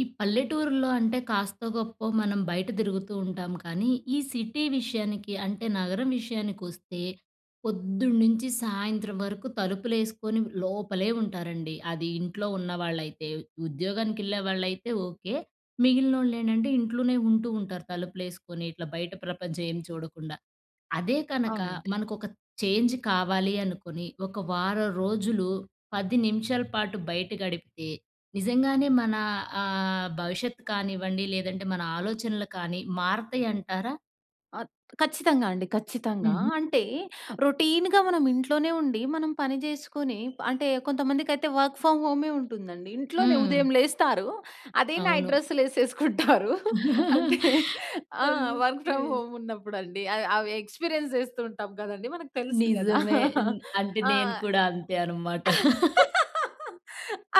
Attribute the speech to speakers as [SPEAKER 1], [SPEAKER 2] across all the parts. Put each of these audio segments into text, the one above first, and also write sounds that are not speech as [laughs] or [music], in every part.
[SPEAKER 1] ఈ పల్లెటూరులో అంటే కాస్తో గొప్పో మనం బయట తిరుగుతూంటాం కానీ! ఈ సిటీ విషయానికి అంటే నగరం విషయానికి వస్తే పొద్దున్నుంచి సాయంత్రం వరకు తలుపులేసుకొని లోపలే ఉంటారండి. అది ఇంట్లో ఉన్నవాళ్ళైతే. ఉద్యోగానికేళ్ళే వాళ్ళులైతే ఓకే. మిగిలినోళ్ళు ఏంటంటే ఇంట్లోనే ఉంటూంటారు తలుపులేసుకొని ఇట్లా బయట ప్రపంచం ఏం చూడకుండా. అదే కనుక
[SPEAKER 2] అవునండి.
[SPEAKER 1] మనకు ఒక చేంజ్ కావాలి అనుకోని, ఒక వారం రోజులు 10 నిమిషాల పాటు బయట గడిపితే, నిజంగానే మన ఆహ్, భవిష్యత్తుకనివ్వండి లేదంటే మన ఆలోచనలు కానీ మారతాయి అంటారా?
[SPEAKER 2] అత్ ఖచ్చితంగా అండి. ఖచ్చితంగా.
[SPEAKER 1] హు‌హు‌.
[SPEAKER 2] అంటే రొటీన్‌గా మనం ఇంట్లోనే ఉండి, మనం పని చేసుకొని, అంటే కొంతమందికైతే వర్క్ ఫ్రమ్ హోమే ఉంటుందండి. ఇంట్లోనే
[SPEAKER 1] హ్మ్.
[SPEAKER 2] ఉదయం లేస్తారు. అదే నైట్
[SPEAKER 1] అవును.
[SPEAKER 2] డ్రెస్సులేసేసుకుంటారు. అంటే
[SPEAKER 1] [laughs]
[SPEAKER 2] ఆ! Work
[SPEAKER 1] okay.
[SPEAKER 2] ఫ్రమ్ హోమ్ ఉన్నప్పుడండి. అయి అవి ఎక్స్పీరియన్స్ చేస్తూతుంటాం కదండీ మనకు తెలుసు కదా.
[SPEAKER 1] నిజమే. న్
[SPEAKER 2] [laughs]
[SPEAKER 1] అంటే
[SPEAKER 2] ఆ!
[SPEAKER 1] నేను కూడా అంతే అన్నమాట. [laughs]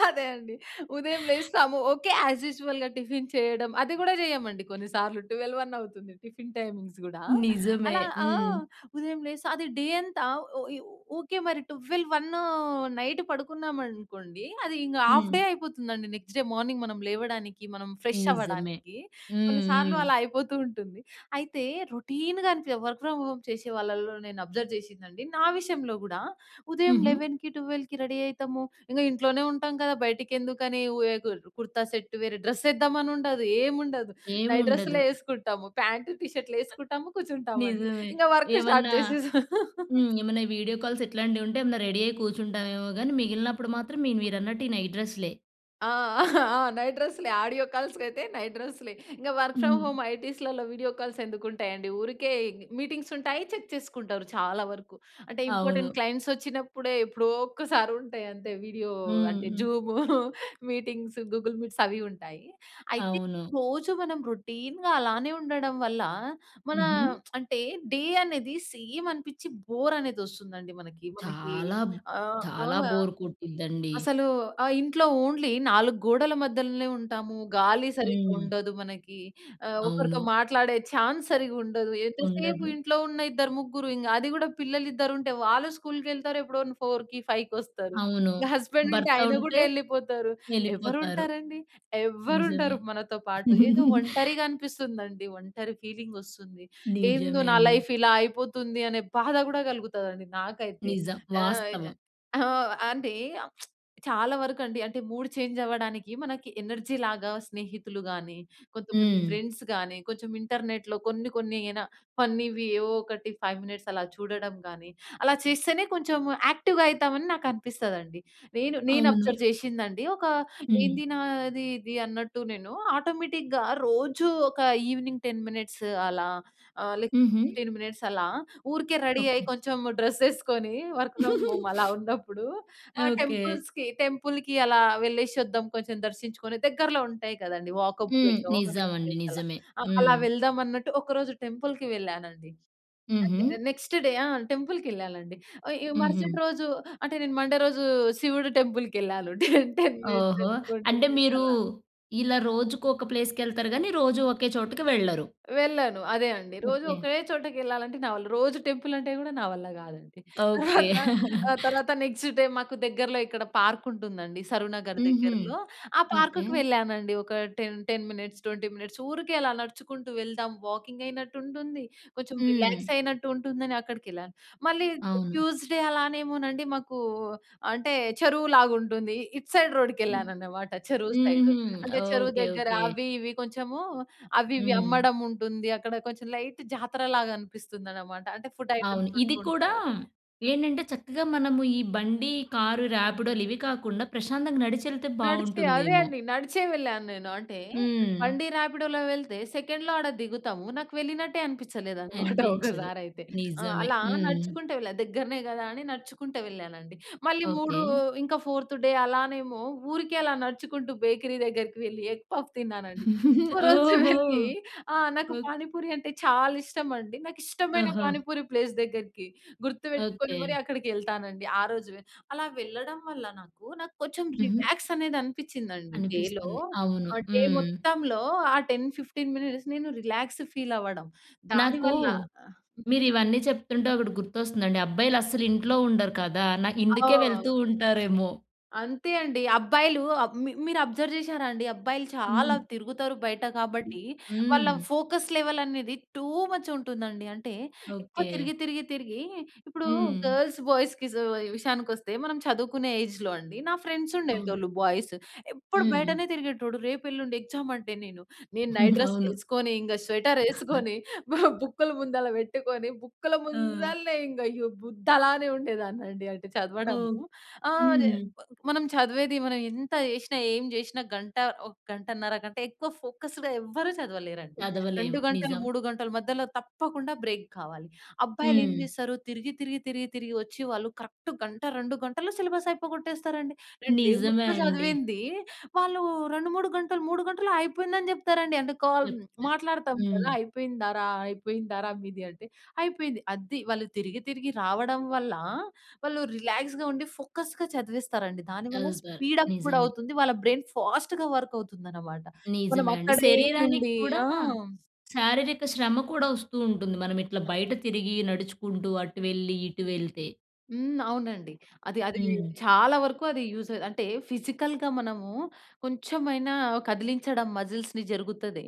[SPEAKER 2] అదే అండి. ఉదయం లేస్తాము. ఓకే యాస్ యూజువల్‌గా టిఫిన్ చేయడం అది కూడా చేయమండి కొన్నిసార్లు 12, 1 అవుతుంది టిఫిన్ టైమింగ్స్ కూడా.
[SPEAKER 1] నిజమే.
[SPEAKER 2] అలా ఆ!
[SPEAKER 1] హ్మ్.
[SPEAKER 2] ఉదయం లేస్తా అది డే అంతా ఓ యు వుకే మరి 12 1 నైట్ పడుకున్నామనుకోండి అది ఇంగా హాఫ్
[SPEAKER 1] హ్మ్.
[SPEAKER 2] డే అయిపోతుందండి నెక్స్ట్ డే మార్నింగ్ మనం లేవడానికి మనం ఫ్రెష్
[SPEAKER 1] నిజమే.
[SPEAKER 2] అవ్వడానికి.
[SPEAKER 1] హ్మ్,
[SPEAKER 2] కొన్ని సార్లు
[SPEAKER 1] హ్మ్.
[SPEAKER 2] అలా అయిపోతూంటుంది. అయితే రొటీన్‍గా అని చె వర్క్ ఫ్రమ్ హోమ్ చేసే వాళ్ళలో నేను అబ్జర్వ్ చేసిందండి నా విషయంలో గూడా. ఉదయం
[SPEAKER 1] హుహు.
[SPEAKER 2] 11కి, 12కి రెడీ ఐతాము. ఇంగా ఇంట్లోనే ఉంటాం కదా బయటికి ఎందుకని ఓ ఎ కుర్ కుర్తా సెట్టు. వేరే డ్రెస్ ఎద్దామనుండదు, ఏముండదు. నైట్
[SPEAKER 1] ఏముండదు.
[SPEAKER 2] డ్రెస్సులేసుకుంటాము ప్యాంట్ టీ షర్ట్‌లు ఎసుకుంటాము, కూర్చుంటామండి.
[SPEAKER 1] నిజమే.
[SPEAKER 2] ఇంగా వర్క్ స్టార్ట్
[SPEAKER 1] ఏవన్నా
[SPEAKER 2] చేసేసాం. [laughs]
[SPEAKER 1] హ్మ్. ఏమన్నా వీడియో కాల్స్ ఇట్లాంటివి ఉంటే ఏమన్నా రెడీ అయి కూర్చుంటామేమో గాని మిగిలినప్పుడు మాత్రం మీ మీరన్నట్టు ఈ నైట్ డ్రెస్‌లే.
[SPEAKER 2] ఆ! ఆ! నైట్ డ్రెస్‌లె. ఆడియో కాల్స్‌కైయితే నైట్ డ్రెస్‌లే. ఇంగా వర్క్ ఫ్రామ్
[SPEAKER 1] హ్మ్.
[SPEAKER 2] హోమ్ ఐటీస్‌లలో వీడియో కాల్స్ ఎందుకుంటాయండి? ఊరికే మీటింగ్స్ ఉంటాయి. చెక్ చేసుకుంటారు చాలా వరకు. అంటే, ఇంపార్టెంట్
[SPEAKER 1] అవును.
[SPEAKER 2] క్లయింట్స్ వచ్చినప్పుడే ఎప్పుడో ఒక్కసారి ఉంటాయి అంతే. వీడియో
[SPEAKER 1] హ్మ్.
[SPEAKER 2] అంటే
[SPEAKER 1] హ్మ్.
[SPEAKER 2] జూము [chuckles] మీటింగ్స్, గూగుల్ మీట్స్ అవి ఉంటాయి. అయితే
[SPEAKER 1] అవును.
[SPEAKER 2] రోజు మనం రొటీన్‌గా అలానే ఉండడం వల్ల మన
[SPEAKER 1] హుహు.
[SPEAKER 2] అంటే డే అనేది సేమ్ అనిపించి బోరనేది వస్తుందండి మనకి. మనకి
[SPEAKER 1] చాలా.
[SPEAKER 2] ఆహ్, ఆ!
[SPEAKER 1] చాలా బోర్ కొట్టుద్దండి.
[SPEAKER 2] అసలు ఆహ్, ఇంట్లో ఓన్లీ 4 గోడల మధ్యలనే ఉంటాము, గాలి సరిగ్గా
[SPEAKER 1] హ్మ్.
[SPEAKER 2] ఉండదు మనకి. ఆహ్, ఒకరితో
[SPEAKER 1] అవును.
[SPEAKER 2] మాట్లాడే చాన్స్ సరిగ్గా ఉండదు. ఎంతసేపు
[SPEAKER 1] ఉండదు.
[SPEAKER 2] ఇంట్లో ఉన్న ఇద్దరు, ముగ్గురు ఇంగ అది కూడా పిల్లలు ఇద్దరుంటే వాళ్ళు స్కూల్‌కెళ్తారు. ఎప్పుడో న్ 4:00కి ఫైవ్‌కొస్తారు.
[SPEAKER 1] అవును.
[SPEAKER 2] ఇంగా హస్బెండ్ ఉంటే
[SPEAKER 1] భర్త
[SPEAKER 2] ఆయన కూడా
[SPEAKER 1] ఉంటే
[SPEAKER 2] ఎళ్ళిపోతారు. ఎవరు
[SPEAKER 1] ఎళ్ళిపోతారు.
[SPEAKER 2] ఉంటారండి? ఎవ్వరు ఉండరు
[SPEAKER 1] నిజమే.
[SPEAKER 2] మనతో పాటు. ఏదో
[SPEAKER 1] [chuckles]
[SPEAKER 2] ఒంటరిగా అనిపిస్తుందండి. ఒంటరి ఫీలింగొస్తుంది. ఏందో
[SPEAKER 1] నిజమే
[SPEAKER 2] నా
[SPEAKER 1] అండి.
[SPEAKER 2] లైఫ్ ఇలా అయిపోతుంది అనే బాధ కూడా కలుగుతాదండి నాకైతే.
[SPEAKER 1] నిజం.
[SPEAKER 2] ఆహ్,
[SPEAKER 1] వాస్తవం.
[SPEAKER 2] ఆ! అంటే, [smacks lips] చాలా వరకండి. అంటే, మూడ్ చేంజ్ అవ్వడానికి మనకి ఎనర్జీ‌లాగా స్నేహితులు గాని, కొంతమంది
[SPEAKER 1] హ్మ్.
[SPEAKER 2] ఫ్రెండ్స్ గాని, కొంచెం ఇంటర్నెట్‌లో కొన్ని, కొన్ని యేన ఫన్నీవి ఏవో ఒకటి 5 మినిట్స్ అలా చూడడం గానీ, అలా చేస్తేనే కొంచెము యాక్టివ్‌గా అయితామని నాకనిపిస్తదండి. నేను నేను
[SPEAKER 1] అవును.
[SPEAKER 2] అబ్జర్వ్ చేసిందండి ఒక
[SPEAKER 1] హ్మ్.
[SPEAKER 2] ఏంది నాది ఇది అన్నట్టు నేను ఆటోమేటిక్‌గా రోజు ఒక ఈవెనింగ్ 10 మినిట్స్ అలా, ఆహ్, లేకపోతే
[SPEAKER 1] హుహు.
[SPEAKER 2] 15 మినిట్స్ అలా ఊరికే రెడీ అయ్యి
[SPEAKER 1] ఓకే.
[SPEAKER 2] కొంచెము డ్రెస్ ఏసుకొని వర్క్ ఫ్రమ్ హోమ్ అలా ఉన్నప్పుడు,
[SPEAKER 1] [giggles]
[SPEAKER 2] ఆహ్,
[SPEAKER 1] ఓకే.
[SPEAKER 2] టెంపుల్స్‌కి టెంపుల్‍కి అలా వెళ్ళేసి వద్దాం కొంచెం దర్శించుకొని, దగ్గరలో ఉంటాయి కదండీ! వాకబుల్
[SPEAKER 1] హ్మ్. నిజమండి.
[SPEAKER 2] ప్లేస్ అలా.
[SPEAKER 1] నిజమే.
[SPEAKER 2] ఆ! అలా
[SPEAKER 1] హ్మ్.
[SPEAKER 2] వెళ్దాం అన్నట్టు ఒకరోజు టెంపుల్‍కి వెళ్ళానండి. అదే
[SPEAKER 1] హుహు.
[SPEAKER 2] Next day. ఆ! టెంపుల్‌కెళ్ళాలండి. అ యొ
[SPEAKER 1] హుహు.
[SPEAKER 2] మరుసటి రోజు అంటే, నేను మండే రోజు శివుడి టెంపుల్‌కెళ్ళాలుంటే [chuckles] 10 మినిట్స్
[SPEAKER 1] ఓహో!
[SPEAKER 2] 20
[SPEAKER 1] అంటే,
[SPEAKER 2] మినిట్స్
[SPEAKER 1] మీరు
[SPEAKER 2] అలా.
[SPEAKER 1] ఇలా రోజుకొక ప్లేస్‌కెళ్తారు గాని రోజూ ఒకే చోటుకి వెళ్ళరు.
[SPEAKER 2] వెళ్ళాను. అదే అండి. రోజు
[SPEAKER 1] ఓకే.
[SPEAKER 2] ఒకే చోటకెళ్ళాలంటే నావల్ల రోజు టెంపుల్ అంటే కూడా నా వల్ల గాదండి.
[SPEAKER 1] ఓకే.
[SPEAKER 2] [chuckles] తర్వాత ఆ!
[SPEAKER 1] [chuckles]
[SPEAKER 2] తర్వాత నెక్స్ట్ డే మాకు దగ్గరలో ఇక్కడ పార్క్ ఉంటుందండి. సరునగర్
[SPEAKER 1] హుహు.
[SPEAKER 2] దగ్గరలో. ఆ
[SPEAKER 1] ఓకే.
[SPEAKER 2] పార్క్‌కి వెళ్ళానండి. ఒక టెన్ టెన్ మినిట్స్, 20 మినిట్స్ ఊరికే అలా నడుచుకుంటూ వెళ్దాం వాకింగ్ అయినట్టు ఉంటుంది. కొంచెం
[SPEAKER 1] హ్మ్.
[SPEAKER 2] రిలాక్స్ అయినట్టు ఉంటుందని అక్కడికెళ్ళాను. మళ్ళీ
[SPEAKER 1] అవును.
[SPEAKER 2] ట్యూస్‌డే అలానేమోనండి మాకు అంటే, చెరువులాగా ఉంటుంది. ఇటు సైడ్ రోడ్డుకెళ్ళాననమాట చెరువు సైడ్.
[SPEAKER 1] హుహు.
[SPEAKER 2] అంటే, చెరువు
[SPEAKER 1] ఓకే.
[SPEAKER 2] దగ్గర
[SPEAKER 1] ఓకే.
[SPEAKER 2] అవి ఇవి కొంచెము అవి ఇవి
[SPEAKER 1] హ్మ్.
[SPEAKER 2] అమ్మడం ఉంటుంది. అక్కడ కొంచెం లైట్ జాతరలాగా అనిపిస్తుందనమాట. అంటే ఫుడ్
[SPEAKER 1] అవును.
[SPEAKER 2] ఐటెమ్స్
[SPEAKER 1] ఇది
[SPEAKER 2] ఉంటూ
[SPEAKER 1] కూడా
[SPEAKER 2] ఉంటాయి.
[SPEAKER 1] ఏంటంటే, చక్కగా మనము ఈ బండి కారు ర్యాపిడోలు ఇవి కాకుండా ప్రశాంతంగా నడిచెళ్తే
[SPEAKER 2] నడిచే. అదే
[SPEAKER 1] బావుంటుందేమో!
[SPEAKER 2] అండి. నడిచే వెళ్ళాను నేను. అంటే
[SPEAKER 1] హ్మ్.
[SPEAKER 2] బండి ర్యాపిడోలో వెళ్తే సెకండ్‌లో ఆడ దిగుతాము. నాకు వెళ్ళినట్టే అనిపించలేదనమాట [chuckles]
[SPEAKER 1] అనిపించదు.
[SPEAKER 2] ఒకసారయితే. ఆ!
[SPEAKER 1] నిజమే.
[SPEAKER 2] అలా
[SPEAKER 1] హ్మ్.
[SPEAKER 2] నడుచుకుంటూ వెళ్ళా. దగ్గరనే కదా అని నడుచుకుంటూ వెళ్ళానండి. మళ్ళీ మూడు
[SPEAKER 1] ఓకే.
[SPEAKER 2] ఇంకా ఫోర్త్ డే అలానేమో ఊరికే అలా నడుచుకుంటూ బేకరీ దగ్గరకి వెళ్ళి ఎగ్ పఫ్ తిన్నానండి.
[SPEAKER 1] [giggles]
[SPEAKER 2] ఒకరోజు
[SPEAKER 1] ఓహో!
[SPEAKER 2] వెళ్ళి ఆ! నాకు
[SPEAKER 1] ఓక్
[SPEAKER 2] పానిపూరి అంటే చాలా ఇష్టమండి. నాకు ఇష్టమైన
[SPEAKER 1] ఆహా!
[SPEAKER 2] పానిపూరి ప్లేస్ దగ్గరికి గుర్తుపెట్టుకొని
[SPEAKER 1] ఓకే.
[SPEAKER 2] మరి అక్కడికెళ్తానండి ఆ రోజువే. అలా వెళ్ళడం వల్ల నాకు నాకు కొంచెం
[SPEAKER 1] హుహు.
[SPEAKER 2] రిలాక్సనేది అనిపించిందండి డేలో.
[SPEAKER 1] అనిపిస్తుంది. అవును.
[SPEAKER 2] ఆహ్, డే
[SPEAKER 1] హ్మ్
[SPEAKER 2] మొత్తంలో ఆ 10, 15 మినిట్స్ నేను రిలాక్స్ ఫీల్ అవ్వడం.
[SPEAKER 1] నాకు
[SPEAKER 2] దానివల్ల ఆహ్, హ్మ్.
[SPEAKER 1] మీరు ఇవన్నీ చెప్తుంటే ఒకటి గుర్తొస్తుందండి. అబ్బాయిలస్సలు ఇంట్లో ఉండరు కదా! నా ఇందుకే వెళ్తూ
[SPEAKER 2] ఆ!
[SPEAKER 1] ఉంటారేమో!
[SPEAKER 2] అంతే అండి. అబ్బాయిలు మి మీరు అబ్జర్వ్ చేసారా అండి? అబ్బాయిలు చాలా
[SPEAKER 1] హ్మ్.
[SPEAKER 2] తిరుగుతారు బయట కాబట్టి. వాళ్ళ
[SPEAKER 1] హ్మ్.
[SPEAKER 2] ఫోకస్ లెవెల్ అనేది టూ మచ్ ఉంటుందండి. అంటే, ఎక్కువ
[SPEAKER 1] ఓకే.
[SPEAKER 2] తిరిగి, తిరిగి, తిరిగి ఇప్పుడు
[SPEAKER 1] హ్మ్.
[SPEAKER 2] గర్ల్స్, బాయ్స్‌కి విషయానికొస్తే మనం చదువుకునే ఏజ్‌లో అండి నా ఫ్రెండ్స్
[SPEAKER 1] అవును.
[SPEAKER 2] ఉండేటోళ్ళు బాయ్స్. ఎప్పుడు
[SPEAKER 1] హ్మ్.
[SPEAKER 2] బయటనే తిరిగేటోడు. రేపు ఎల్లుండి ఎగ్జామ్ అంటే, నేను నేను నైట్
[SPEAKER 1] [chuckles] అవును.
[SPEAKER 2] డ్రెస్‌లేసుకొని, ఇంగా స్వెటర్ ఏసుకొని [chuckles] బ బుక్కులు ముందల పెట్టుకొని బుక్కుల
[SPEAKER 1] ఆ!
[SPEAKER 2] ముందలనే ఇంగా అయ్యో! బుద్ధలానే ఉండేదాన్నండి. అంటే, చదవడము.
[SPEAKER 1] ఓహ్!
[SPEAKER 2] ఆహ్,
[SPEAKER 1] హ్మ్.
[SPEAKER 2] మనం చదివేది మనం ఎంత జేసినా, ఏం జేసినా గంట, ఒక గంటన్నర కంటే ఎక్కువ ఫోకస్‌గా ఎవ్వరు చదవలేరండి. 2
[SPEAKER 1] చదవలేము.
[SPEAKER 2] గంటలు,
[SPEAKER 1] నిజం.
[SPEAKER 2] 3 గంటల మధ్యలో తప్పకుండా బ్రేక్ కావాలి. అబ్బాయిలు ఏం
[SPEAKER 1] హ్మ్.
[SPEAKER 2] చేస్తారు? తిరిగి, తిరిగి, తిరిగి, తిరిగి వచ్చి వాళ్ళు కరెక్ట్ గంట, 2 గంటల సిలబస్ అయిపోకొట్టేస్తారండి. నేను డే
[SPEAKER 1] నిజమే
[SPEAKER 2] మొత్తం
[SPEAKER 1] అండి.
[SPEAKER 2] చదివింది వాళ్ళు 2, 3 గంటలు 3 గంటలు అయిపోయిందని చెప్తారండి. అంటే, కాల్
[SPEAKER 1] చెప్తే
[SPEAKER 2] మాట్లాడతాం
[SPEAKER 1] హ్మ్.
[SPEAKER 2] గదా! అయిపోయిందారా? అయిపోయిందారా మీది? అంటే, "అయిపోయింది." అది. వాళ్ళు తిరిగి, తిరిగి రావడం వల్ల వాళ్ళు రిలాక్స్‌గా ఉండి, ఫోకస్‌గా చదివేస్తారండి. దానివల్ల
[SPEAKER 1] చదువుతారు.
[SPEAKER 2] స్పీడ్ అప్ గూడా
[SPEAKER 1] నిజమే.
[SPEAKER 2] అవుతుంది. వాళ్ళ బ్రైన్ ఫాస్ట్‌గా వర్క్ అవుతుందనమాట. మనం
[SPEAKER 1] నిజమే అండి.
[SPEAKER 2] అక్కడే
[SPEAKER 1] శరీరానికి
[SPEAKER 2] ఉండి
[SPEAKER 1] కూడా
[SPEAKER 2] ఆ!
[SPEAKER 1] శారీరక శ్రమ కూడా వస్తూ ఉంటుంది. మనం ఇట్లా బయట తిరిగి నడుచుకుంటూ అటు వెళ్లి ఇటు వెళ్తే.
[SPEAKER 2] హ్మ్. అవునండి. అది అది
[SPEAKER 1] హ్మ్.
[SPEAKER 2] చాలా వరకు అది యూజ్ అంటే, ఫిజికల్‌గా మనము కొంచెమైనా కదిలించడం మజిల్స్‌ని జరుగుతది.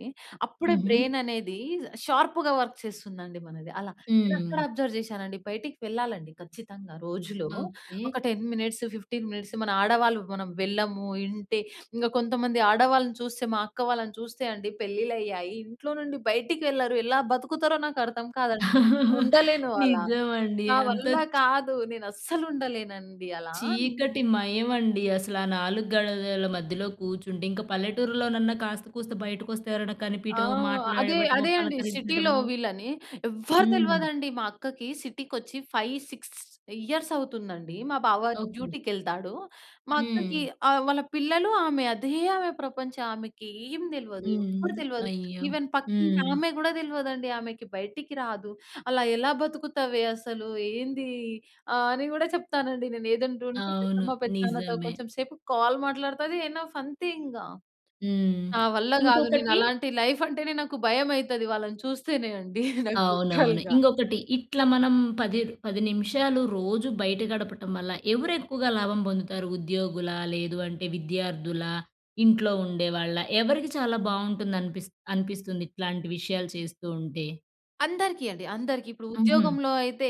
[SPEAKER 2] అప్పుడే
[SPEAKER 1] హుహు.
[SPEAKER 2] బ్రైన్ అనేది షార్ప్‌గా వర్క్ చేస్తుందండి మనది. అలా నేను అక్కడ
[SPEAKER 1] హ్మ్.
[SPEAKER 2] అబ్జర్వ్ చేశానండి బయటికి వెళ్ళాలండి ఖచ్చితంగా. రోజులో
[SPEAKER 1] ఓకే.
[SPEAKER 2] ఒక 10 మినిట్స్ 15 మినిట్స్ మన ఆడవాళ్ళు మనం వెళ్ళము. ఇంటి ఇంగ కొంతమంది ఆడవాళ్ళని చూస్తే మా అక్క వాళ్ళని చూస్తే అండి పెళ్లిళ్ళయ్యాయి. ఇంట్లో నుండి బయటికి వెళ్లరు. ఎలా బతుకుతారో నాకర్థం కాదండి.
[SPEAKER 1] [chuckles]
[SPEAKER 2] ఉండలేను అలా.
[SPEAKER 1] నిజమండి.
[SPEAKER 2] నా
[SPEAKER 1] అంత
[SPEAKER 2] వల్ల
[SPEAKER 1] చ్
[SPEAKER 2] కాదు. నేను అస్సలు ఉండలేనండి అలా. హ్మ్.
[SPEAKER 1] చీకటి మయమండి అసల. ఆ 4 గడలల మధ్యలో కూర్చుంటే ఇంక పల్లెటూరులోనన్న కాస్త కూస్త బయటకొస్తే ఎవరైనా
[SPEAKER 2] ఆ!
[SPEAKER 1] కనిపియడమో
[SPEAKER 2] అదే.
[SPEAKER 1] మాట్లాడటమో
[SPEAKER 2] అదే అండి. సిటీలో
[SPEAKER 1] పలకరించడమో
[SPEAKER 2] వీళ్ళని ఎవ్వరు
[SPEAKER 1] హ్మ్.
[SPEAKER 2] తెలవదండి మా అక్కకి. సిటీకొచ్చి 5, 6 ఇయర్స్ అవుతుందండి. మా బావ
[SPEAKER 1] ఓకే.
[SPEAKER 2] డ్యూటీకెళ్తాడు. మా అక్కకి
[SPEAKER 1] హ్మ్.
[SPEAKER 2] ఆహ్, వాళ్ళ పిల్లలు ఆమె. అదే ఆమె ప్రపంచం. ఆమెకి ఏం తెల్వదు.
[SPEAKER 1] హ్మ్.
[SPEAKER 2] ఎవరు తెలవదు.
[SPEAKER 1] అయ్యో!
[SPEAKER 2] ఈవెన్ పక్కింటి
[SPEAKER 1] హ్మ్.
[SPEAKER 2] ఆమె కూడా తెలవదండి ఆమెకి. బయటికి రాదు. అలా ఎలా బతుకుతావే అసలు? ఏంది? ఆహ్, అని కూడా చెప్తానండి నేను. ఏదంటూంటే,
[SPEAKER 1] అవును.
[SPEAKER 2] పెద్దమ్మ, పెద్దనాన్నతో
[SPEAKER 1] నిజమే.
[SPEAKER 2] కొంచెం సేపు కాల్ మాట్లాడుతాది. ఎనఫ్ అంతే ఇంగా.
[SPEAKER 1] హ్మ్.
[SPEAKER 2] నా వల్ల కాదు. నేను
[SPEAKER 1] ఇంకొకటి
[SPEAKER 2] అలాంటి లైఫ్ అంటేనే నాకు భయం అయితది వాళ్ళని చూస్తేనే అండి నాకు
[SPEAKER 1] అవునవును.
[SPEAKER 2] లిట్‌రల్‌‌గా. [chuckles]
[SPEAKER 1] ఇంగొకటి. ఇట్ల మనం పది ర్ 10 నిమిషాలు రోజు బయట గడపటం వల్ల ఎవరు ఎక్కువగా లాభం పొందుతారు? ఉద్యోగులా? లేదు అంటే విద్యార్థుల? ఇంట్లో ఉండేవాళ్ళా? ఎవరికి చాలా బావుంటుంది అనిపిస్ అనిపిస్తుంది ఇట్లాంటి విషయాలు చేస్తూ ఉంటే?
[SPEAKER 2] అందరికీ అండి. అందరికి. ఇప్పుడు
[SPEAKER 1] హుహు.
[SPEAKER 2] ఉద్యోగంలో అయితే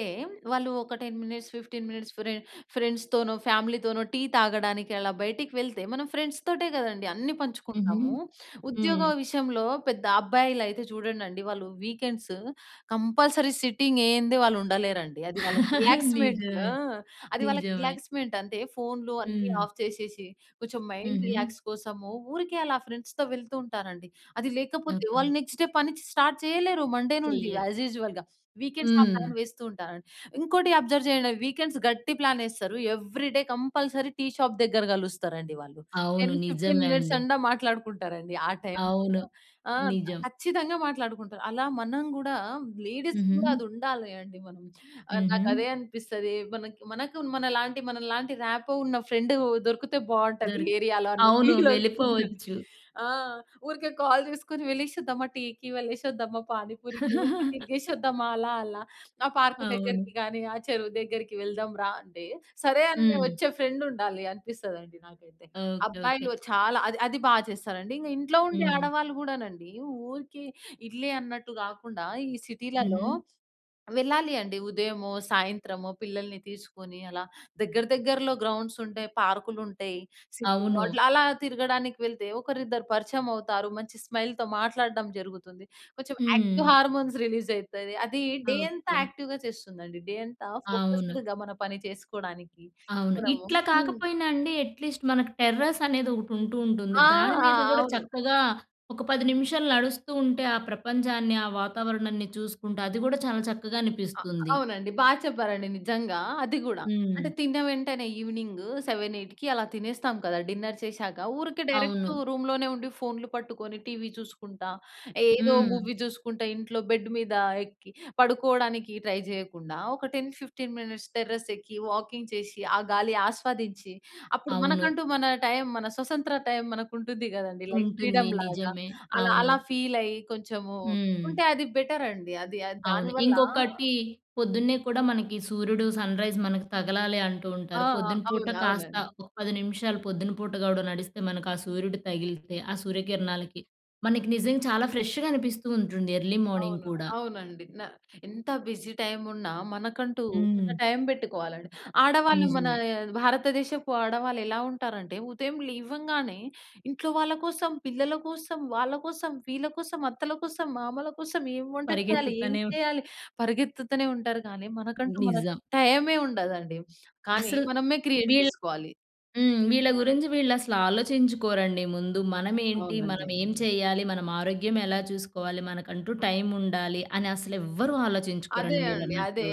[SPEAKER 2] వాళ్ళు, ఒక 10 మినిట్స్, 15 మినిట్స్ ఫ్రె ఫ్రెండ్స్‌తోనో, ఫ్యామిలీతోనో టీ తాగడానికి, అలా బయటికి వెళ్తే, మనం ఫ్రెండ్స్‌తోటే గదండీ అన్నీ
[SPEAKER 1] హుహు.
[SPEAKER 2] పంచుకుంటాము.
[SPEAKER 1] హ్మ్.
[SPEAKER 2] ఉద్యోగ విషయంలో పెద్ద అబ్బాయిలైతే చూడండండి, వాళ్ళు వీకెండ్స్ కంపల్సరీ సిట్టింగేయందే వాళ్ళుండలేరండి. అది వాళ్ళకి
[SPEAKER 1] [laughs]
[SPEAKER 2] రిలాక్స్‌మెంట్.
[SPEAKER 1] నిజమే.
[SPEAKER 2] ఆ! అది వాళ్ళకి
[SPEAKER 1] నిజమే.
[SPEAKER 2] రిలాక్స్‌మెంటంతే. ఫోన్‌లు అన్ని
[SPEAKER 1] హ్మ్.
[SPEAKER 2] ఆఫ్ చేషేషి, కొంచం మైండ్
[SPEAKER 1] హుహు.
[SPEAKER 2] రిలాక్స్ కోసము, ఊరికే అలా ఫ్రెండ్స్‌తో వెళ్తూ ఉంటానండి. అది లేకపోతే,
[SPEAKER 1] ఓకే.
[SPEAKER 2] వాళ్ళు నెక్స్ట్ డే పని చ్ స్టార్ట్ చెయ్యలేరు మండే నుండి
[SPEAKER 1] చెయ్యరు.
[SPEAKER 2] యాజ్ యూజువల్‌గా. వీకెండ్స్ ఆ
[SPEAKER 1] హ్మ్.
[SPEAKER 2] ప్లాన్ వేస్తూ ఉంటాను. ఇంకోటి అబ్జర్వ్ జెయండి, వీకెండ్స్ గట్టి ప్లానేస్తరు. ఎవ్రీడే కంపల్సరీ టీ షాప్ దగ్గర గలుస్తరండి వాళ్ళు.
[SPEAKER 1] అవును.
[SPEAKER 2] 10, 15
[SPEAKER 1] నిజమే అండి.
[SPEAKER 2] మినిట్సండా మాట్లాడుకుంటారండి ఆ టైమ్‌లో.
[SPEAKER 1] అవును.
[SPEAKER 2] ఆ!
[SPEAKER 1] నిజం.
[SPEAKER 2] ఖచ్చితంగా మాట్లాడుకుంటారు. అలా మనం గూడా లేడీస్‌కి గూడా
[SPEAKER 1] హుహు.
[SPEAKER 2] అదుండాలి అండి మనం. ఆహ్, నాకదే
[SPEAKER 1] హుహు.
[SPEAKER 2] అనిపిస్తదీ. మనకి మనకు మనలాంటి, మనలాంటి రాపో ఉన్న ఫ్రెండూ దొరుకుతే బావుంటదీ
[SPEAKER 1] దొరు
[SPEAKER 2] ఏరియాలో అన్న
[SPEAKER 1] అవును. వెళ్ళిపోవచ్చు.
[SPEAKER 2] ఫీలొస్తుందండి. ఆ! ఊరికే కాల్ చేసుకొని, "వెళ్ళేసొద్దామా టీకి? వెళ్ళేసొద్దామా పానిపూరికి? ఊరికే
[SPEAKER 1] [laughs]
[SPEAKER 2] తిరిగేసొద్దామా అలా అలా? ఆ పార్కు
[SPEAKER 1] అవును.
[SPEAKER 2] దగ్గరకి గానీ, ఆ చెరువు దగ్గరికి వెళ్దాం రా" అంటే, సరే అనె
[SPEAKER 1] హ్మ్.
[SPEAKER 2] ఒచ్చే ఫ్రెండుండాలి అనిపిస్తదండి నాకైతే.
[SPEAKER 1] ఓకే. ఓకే.
[SPEAKER 2] అబ్బాయిల్లో చాలా అది, అది బా చేస్తారండి. ఇంగ ఇంట్లో ఉండే
[SPEAKER 1] హ్మ్.
[SPEAKER 2] ఆడవాళ్ళు గూడానండి, ఊరికే ఇళ్లే అన్నట్టు గాకుండా, ఈ సిటీలలో
[SPEAKER 1] హుహు.
[SPEAKER 2] వెళ్ళాలి అండి. ఉదయమో, సాయంత్రమో, పిల్లలిని తీసుకొనీ అలా దగ్గర దగ్గరలో గ్రౌండ్సుంటాయి, పార్కులుంటాయి. సిటీలో
[SPEAKER 1] అవును.
[SPEAKER 2] అట్లలా తిరగడానికి వెళ్తే, ఒకరిద్దరు పరిచయమవుతారు. మంచి స్మైల్‌తో మాట్లాడడం జరుగుతుంది. కొంచెం యాక్టివ్
[SPEAKER 1] హ్మ్.
[SPEAKER 2] హార్మోన్స్ రిలీజయితది. అదీ డే అంతా
[SPEAKER 1] ఓకే.
[SPEAKER 2] యాక్టివ్‍గా చేస్తుందండి, డే అంతా
[SPEAKER 1] అవును.
[SPEAKER 2] ఫోకస్‌డ్‌గా మన పని చేసుకోడానికి.
[SPEAKER 1] అవును.
[SPEAKER 2] మనము
[SPEAKER 1] ఇట్లా
[SPEAKER 2] హ్మ్.
[SPEAKER 1] కాకపోయినా అండి ఎట్లీస్ట్ మనకి టెర్రస్సనేదొకటుంటూ ఉంటుంది.
[SPEAKER 2] ఆ!
[SPEAKER 1] దాని మీద గూడా
[SPEAKER 2] అవును.
[SPEAKER 1] చక్కగా ఒక 10 నిమిషాలు నడుస్తూంటే, ఆ ప్రపంచాన్ని, ఆ వాతావరణాన్ని చూసుకుంటా, అది గూడా చాలా చక్కగా
[SPEAKER 2] ఆ!
[SPEAKER 1] అనిపిస్తుంది.
[SPEAKER 2] అవునండి. బా చెప్పారండి నిజంగా, అది గూడా.
[SPEAKER 1] హ్మ్.
[SPEAKER 2] అంటే, తిన్న వెంటనే ఈవినింగ్ 7, 8కి అలా తినేస్తాం కదా డిన్నర్ చేషాక. ఊరికే డైరెక్టు
[SPEAKER 1] అవును.
[SPEAKER 2] రూమ్‌లోనే ఉండి ఫోన్‌లు పట్టుకొని, టీవీ చూసుకుంటా, ఏదో
[SPEAKER 1] హ్మ్.
[SPEAKER 2] మూవీ చూసుకుంటా ఇంట్లో బెడ్డ్ మీద ఎక్కి పడుకోడానికి ట్రై జెయ్యకుండా, ఒక 10, 15 మినిట్స్ టెర్రస్సెక్కి, వాకింగ్ చేసి, ఆ గాలి ఆస్వాదించి, అప్పుడు
[SPEAKER 1] అవును.
[SPEAKER 2] మనకంటూ మన టైమ్, మన స్వతంత్ర టైమ్ మనకుంటుంది గదండీ, లైక్
[SPEAKER 1] ఉంటుంది.
[SPEAKER 2] ఫ్రీడమ్‌లాగా.
[SPEAKER 1] నిజమే.
[SPEAKER 2] అలా,
[SPEAKER 1] అవును.
[SPEAKER 2] అలా ఫీలయ్యి కొంచము
[SPEAKER 1] హ్మ్.
[SPEAKER 2] ఉంటే అది బెటరండి. అది ఆహ్, దాని
[SPEAKER 1] అవును.
[SPEAKER 2] వల్లా
[SPEAKER 1] ఇంకొకటీ, పొద్దున్నే కూడా మనకి సూర్యుడు, సన్‌రైజ్ మనకి తగలాలి అంటూ
[SPEAKER 2] ఆ!
[SPEAKER 1] ఉంటారు.
[SPEAKER 2] అ
[SPEAKER 1] పొద్దున పూట
[SPEAKER 2] అవును.
[SPEAKER 1] కాస్త
[SPEAKER 2] అవునండి.
[SPEAKER 1] ఒక 10 నిమిషాలు పొద్దున పూట గూడా నడిస్తే, మనకు ఆ సూర్యుడు తగిలితే, ఆ సూర్యకిరణాలకి, మనకి నిజంగా చాలా ఫ్రెష్‌గా అనిపిస్తూ ఉంటుంది ఎర్లీ మార్నింగ్
[SPEAKER 2] అవును.
[SPEAKER 1] కూడా.
[SPEAKER 2] అవునండి. న ఎంత బిజీ టైమున్నా, మనకంటూ ఒక
[SPEAKER 1] హ్మ్.
[SPEAKER 2] టైం పెట్టుకోవాలండి. ఆడవాళ్ళు మనా
[SPEAKER 1] నిజమే.
[SPEAKER 2] భారతదేశపు ఆడవాళ్ళు ఎలా ఉంటారంటే, ఉదయం లేవంగానే, ఇంట్లో వాళ్ళ కోసం, పిల్లల కోసం, వాళ్ళ కోసం, వీళ్ళ కోసం, అత్తల కోసం, మామల కోసం, ఏం వంట చెయ్యలి, ఏం
[SPEAKER 1] పరిగెత్తుతనే
[SPEAKER 2] చెయ్యాలి, పరిగెత్తుతనే ఉంటారు, కానీ మనకంటూ మనకు
[SPEAKER 1] నిజం.
[SPEAKER 2] టైమే ఉండదండి, కానీ
[SPEAKER 1] అసల్
[SPEAKER 2] మనమే క్రియేట్
[SPEAKER 1] వీళ్
[SPEAKER 2] చేసుకోవాలి.
[SPEAKER 1] హ్మ్. వీళ్ళ గురించి వీళ్ళుసలు ఆలోచించుకోరండి ముందు. మనమేంటి?
[SPEAKER 2] అవునండి.
[SPEAKER 1] మనమేం చెయ్యాలి? మనమారోగ్యం ఎలా చూసుకోవాలి? మనకంటూ టైముండాలి అని అసలు ఎవ్వరూ
[SPEAKER 2] అదే
[SPEAKER 1] ఆలోచించుకోరండి
[SPEAKER 2] అండి, అదే.
[SPEAKER 1] మీరన్నట్లు.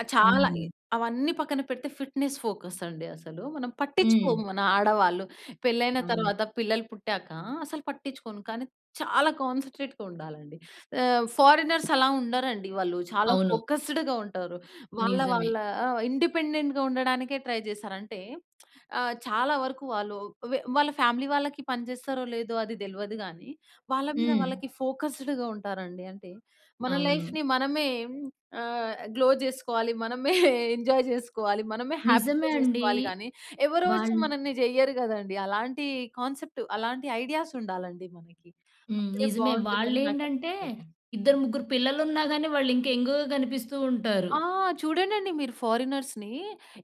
[SPEAKER 2] ఆహ్, చాలా
[SPEAKER 1] హ్మ్.
[SPEAKER 2] ఇ అవన్నీ పక్కన పెడితే ఫిట్‍నెస్ ఫోకస్సండి అసలు. మనం
[SPEAKER 1] హ్మ్.
[SPEAKER 2] పట్టిచ్చుకోము మన ఆడవాళ్ళు. పెళ్ళైన
[SPEAKER 1] అవును.
[SPEAKER 2] తర్వాత పిల్లలు పుట్టాక అసలు పట్టిచ్చుకోను, కానీ చాలా కాన్సంట్రేట్‌గ ఉండాలండి. ఆహ్, ఫారెనర్సలా ఉండరండి. వాళ్ళు చాలా
[SPEAKER 1] అవును.
[SPEAKER 2] ఫోకస్‌డ్‌గా ఉంటారు. వాళ్ళ
[SPEAKER 1] నిజమే.
[SPEAKER 2] వాళ్ళా ఆ! ఇండిపెండెంట్‌గా ఉండడానికే ట్రై చేస్తారంటే, [smacks lips] ఆహ్, చాలా వరకు వాళ్ళూ వె వాళ్ళ ఫ్యామిలీ వాళ్ళకి పని చేస్తారో, లేదో అది దెల్వదు గానీ, వాళ్ళ మీద
[SPEAKER 1] హ్మ్.
[SPEAKER 2] వాళ్ళకి ఫోకసుడ్‌గా ఉంటారండి. అంటే, మన
[SPEAKER 1] అవును.
[SPEAKER 2] లైఫ్‌ని మనమే ఆహ్, గ్లో చేసుకోవాలి. మనమే [chuckles] ఎంజాయ్ చేసుకోవాలి. మనమే
[SPEAKER 1] నిజమే
[SPEAKER 2] హ్యాపీగా
[SPEAKER 1] అండి.
[SPEAKER 2] చేసుకోవాలి గానీ, ఎవరోచ్చి
[SPEAKER 1] వాళ్ళు
[SPEAKER 2] మనన్ని జెయ్యరు గదండీ. అలాంటీ కాన్సెప్ట్ అలాంటి ఐడియాసుండాలండి మనకి.
[SPEAKER 1] హ్మ్.
[SPEAKER 2] అప్పుడే
[SPEAKER 1] నిజమే.
[SPEAKER 2] బావుంటుందని
[SPEAKER 1] వాళ్ళేంటంటే,
[SPEAKER 2] నాకనిపిస్తది.
[SPEAKER 1] ఇద్దరు, ముగ్గురు పిల్లలున్నా గానీ, వాళ్ళింకా యంగ్‌గా కనిపిస్తూ ఉంటారు.
[SPEAKER 2] ఆ! చూడండండి మీరు ఫారినర్స్‌ని.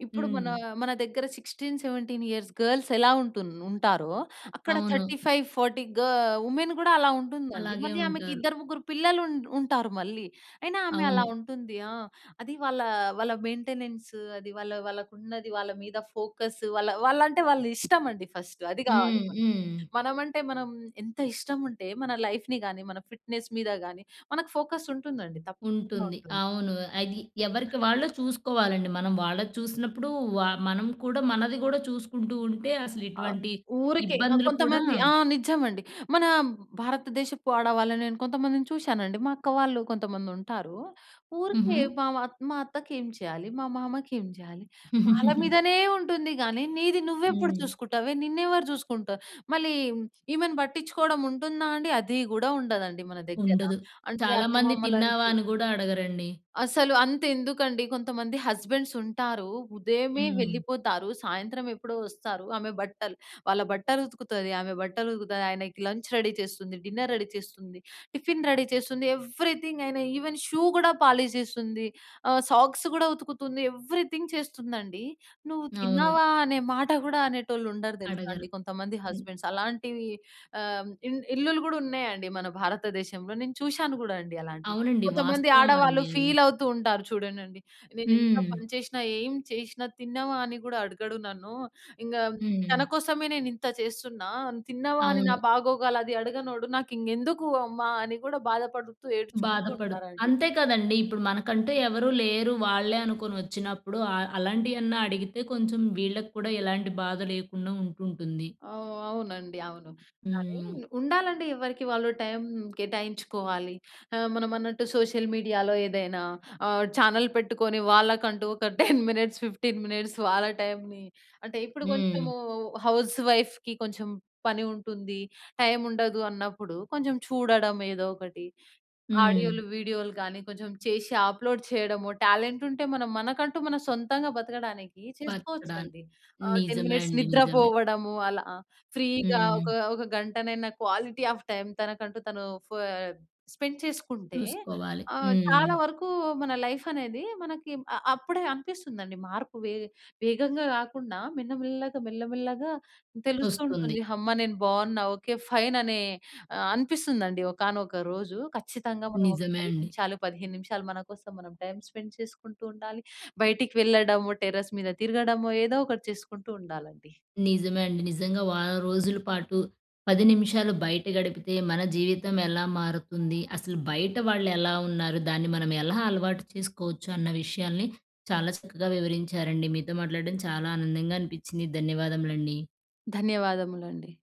[SPEAKER 2] ఇప్పుడు మనా,
[SPEAKER 1] హ్మ్.
[SPEAKER 2] మన దగ్గర 16, 17 ఇయర్స్ గర్ల్స్ ఎలా ఉంటున్ ఉంటారో అక్కడ థర్టీ
[SPEAKER 1] అవును.
[SPEAKER 2] ఫైవ్ ఫార్టీ గ ఉమెన్ గూడా అలా ఉంటుందండి.
[SPEAKER 1] అలాగే
[SPEAKER 2] మళ్ళీ ఆమెకి
[SPEAKER 1] ఉంటారు.
[SPEAKER 2] ఇద్దరు, ముగ్గురు పిల్లలున్ ఉంటారు మళ్ళీ. అయినా ఆమె అలా
[SPEAKER 1] అవును.
[SPEAKER 2] ఉంటుంది. ఆ! అది వాళ్ళా, వాళ్ళ మెయింటెనెన్స్ అది వాళ్ళ వాళ్ళకున్నది, వాళ్ళ మీద ఫోకస్స్. వాళ్ళ వాళ్లంటే, వాళ్ళ ఇష్టమండి ఫస్ట్. అది గావాలి
[SPEAKER 1] హ్మ్.
[SPEAKER 2] మనకి.
[SPEAKER 1] హ్మ్.
[SPEAKER 2] మనమంటే మనం ఎంత ఇష్టముంటే మన లైఫ్‌ని గానీ, మన ఫిట్‍నెస్ మీద గానీ, మనకు ఫోకస్సుంటుందండి, తప్పకుండా
[SPEAKER 1] ఉంటుంది.
[SPEAKER 2] ఉంటుంది.
[SPEAKER 1] అవును. అది ఎవరికి వాళ్ళు చూసుకోవాలండి. మనం వాళ్ళది చూసినప్పుడూ వ మనం కూడా, మనది గూడా చూసుకుంటూ ఉంటే, అసలు
[SPEAKER 2] ఆ!
[SPEAKER 1] ఇటువంటి
[SPEAKER 2] ఊరికే ఆహ్,
[SPEAKER 1] ఇబ్బందులు కూడా
[SPEAKER 2] కొంతమంది ఆ! నజ్జమండి. మన భారతదేశపు ఆడవాళ్ళనేను కొంతమందిని చూశానండి, మా అక్క వాళ్ళు కొంతమందుంటారు.
[SPEAKER 1] హుహు.
[SPEAKER 2] ఊరికే బ మా, మా అత్తకేం చెయ్యాలి? మా మామకేం జెయ్యాలి? వాళ్ళ
[SPEAKER 1] [giggles]
[SPEAKER 2] మీదనే ఉంటుంది గానీ, నీది నువ్వెప్పుడు
[SPEAKER 1] హ్మ్.
[SPEAKER 2] చూసుకుటావే? నిన్నెవరు చూసుకుంటా మళ్ళీ ఈమెను పట్టిచ్చుకోడం ఉంటుందా అండి? అది గూడా ఉండదండి మన దగ్గర.
[SPEAKER 1] ఉండదు.
[SPEAKER 2] అంటే,
[SPEAKER 1] చాలా మంది
[SPEAKER 2] అత్తమామలని
[SPEAKER 1] తిన్నావా
[SPEAKER 2] చు
[SPEAKER 1] అని గూడా అడగరండి.
[SPEAKER 2] అసలు అంతెందుకండి, కొంతమంది హస్బెండ్సుంటారు. ఉదయమే
[SPEAKER 1] హ్మ్.
[SPEAKER 2] వెళ్ళిపోతారు, సాయంత్రమెప్పుడో వస్తారు. ఆమె బట్టలు వాళ్ళ బట్టలుతుకుతది, ఆమె బట్టలుతుకుతది, ఆయనకి లంచ్ రెడీ చేస్తుంది, డిన్నర్ రెడీ చేస్తుంది, టిఫిన్ రెడీ చేస్తుంది. ఎవ్రీథింగ్ ఆయనా ఈవెన్ షూ గూడా పాలిష్ జేస్తుంది. ఆహ్, సాక్స్ గూడా ఉతుకుతుంది. ఎవ్రీథింగ్ చేస్తుందండీ. "నువ్వు
[SPEAKER 1] అవును.
[SPEAKER 2] తిన్నావా?" అనే మాట గూడా అనేటోళ్ళుండరు తెలుసా
[SPEAKER 1] అడగరు.
[SPEAKER 2] అండి కొంతమంది
[SPEAKER 1] హ్మ్.
[SPEAKER 2] హస్బెండ్స్. అలాంటివీ, ఆహ్ ఇన్ ఇళ్లులు గూడున్నయండి మన భారతదేశంలో. నేను చూషాను గూడా అండి అలాంటియి.
[SPEAKER 1] అవునండి.
[SPEAKER 2] కొంతమంది ఆడవాళ్ళు
[SPEAKER 1] వాస్తవవండి అది.
[SPEAKER 2] ఫీలవుతూ ఉంటారు చూడండండి. "నేను ఎంత
[SPEAKER 1] హ్మ్.
[SPEAKER 2] పని చేషినా, ఏం చేషినా, తిన్నావా? అని గూడా అడగడు నన్ను. ఇంగా తన
[SPEAKER 1] హ్మ్.
[SPEAKER 2] కోసమే నేనింత చేస్తున్నా. తిన్నావా? అని నా
[SPEAKER 1] అవును.
[SPEAKER 2] బాగోగలది అడగనోడు నాకింకెందుకు అమ్మా?" అని గూడా బాధపడుతూ, ఏడ్చుకుంటూ
[SPEAKER 1] బాధపడు
[SPEAKER 2] ఉంటారండి.
[SPEAKER 1] అంతే కదండీ. ఇప్పుడు మనకంటూ ఎవరూ లేరు, వాళ్ళే అనుకొనొచ్చినప్పుడు, అ అలాంటియన్నా అడిగితే కొంచం వీళ్ళకు కూడా ఎలాంటి బాధ లేకుండా ఉంటుంటుంది.
[SPEAKER 2] ఆ! అవునండి. అవును, కానీ
[SPEAKER 1] హ్మ్.
[SPEAKER 2] ఉండాలండి ఎవరికి వాళ్ళు టైం కేటాయించుకోవాలి. ఆహ్, మనమన్నట్టు సోషల్ మీడియాలో ఏదైనా ఆహ్, ఛానల్ పెట్టుకొని, వాళ్ళకంటూ ఒక 10 మినిట్స్, 15 మినిట్స్ వాళ్ళ టైమ్‌ని అంటే, ఇప్పుడు
[SPEAKER 1] హ్మ్.
[SPEAKER 2] కొంచెము హౌస్ వైఫ్‌కి కొంచెం పని ఉంటుంది, టైముండదు అన్నప్పుడు కొంచం చూడడం ఏదో ఒకటి,
[SPEAKER 1] హ్మ్.
[SPEAKER 2] ఆడియోలు, వీడియోలు గానీ, కొంచెం చేసి అప్లోడ్ ఆహ్, చెయడము, టాలెంటుంటే, మనం మనకంటూ మన సొంతంగా బతకడానికీ
[SPEAKER 1] బతకడాన్
[SPEAKER 2] చేసుకోవచ్చండి. ఆహ్, 10
[SPEAKER 1] నిజమే
[SPEAKER 2] మినిట్స్
[SPEAKER 1] అండి.
[SPEAKER 2] నిద్ర
[SPEAKER 1] నిజమే.
[SPEAKER 2] పోవడము, అలా ఆహ్, ఫ్రీగా
[SPEAKER 1] హ్మ్.
[SPEAKER 2] ఒక, ఒక గంటనైనా క్వాలిటీ ఆఫ్ టైమ్ తనకంటూ తనూ ఫ స్పెండ్ చేసుకుంటే,
[SPEAKER 1] చూసుకోవాలి.
[SPEAKER 2] ఆహ్, చాలా
[SPEAKER 1] హ్మ్.
[SPEAKER 2] వరకూ మన లైఫనేది, మనకి అ అప్పుడే అనిపిస్తుందండి మార్పు. వే వేగంగా గాకుండా, మెన్నమెల్లగా, మెల్లమెల్లగా
[SPEAKER 1] ఒస్తుంది.
[SPEAKER 2] తెలుస్తూంటుంది. హమ్మా! నేను బావున్నా. ఓకే, ఫైననే ఆహ్, అనిపిస్తుందండి ఒకానొక రోజు. ఖచ్చితంగా మనం ఒక
[SPEAKER 1] నిజమే
[SPEAKER 2] 10
[SPEAKER 1] అండి.
[SPEAKER 2] నిమిషాలు, 15 నిమిషాలు, మన కోసం మనం టైమ్ స్పెండ్ చేసుకుంటూ ఉండాలి. బయటికి వెళ్ళడము, టెర్రస్ మీద తిరగడమో ఏదో ఒకటి చేసుకుంటూ ఉండాలండి.
[SPEAKER 1] నిజమే అండి. నిజంగా వారం రోజులు పాటు, 10 నిమిషాలు బయట గడిపితే మన జీవితం ఎలా మారుతుంది, అసలు బయట వాళ్ళెలా ఉన్నారు, దాన్ని మనం ఎలా అలవాటు చేసుకోవచ్చు అన్న విషయాలని చాలా చక్కగా వివరించారండి. మీతో మాట్లాడడం చాలా ఆనందంగా అనిపిచ్చింది. ధన్యవాదములండి.
[SPEAKER 2] ధన్యవాదములండి.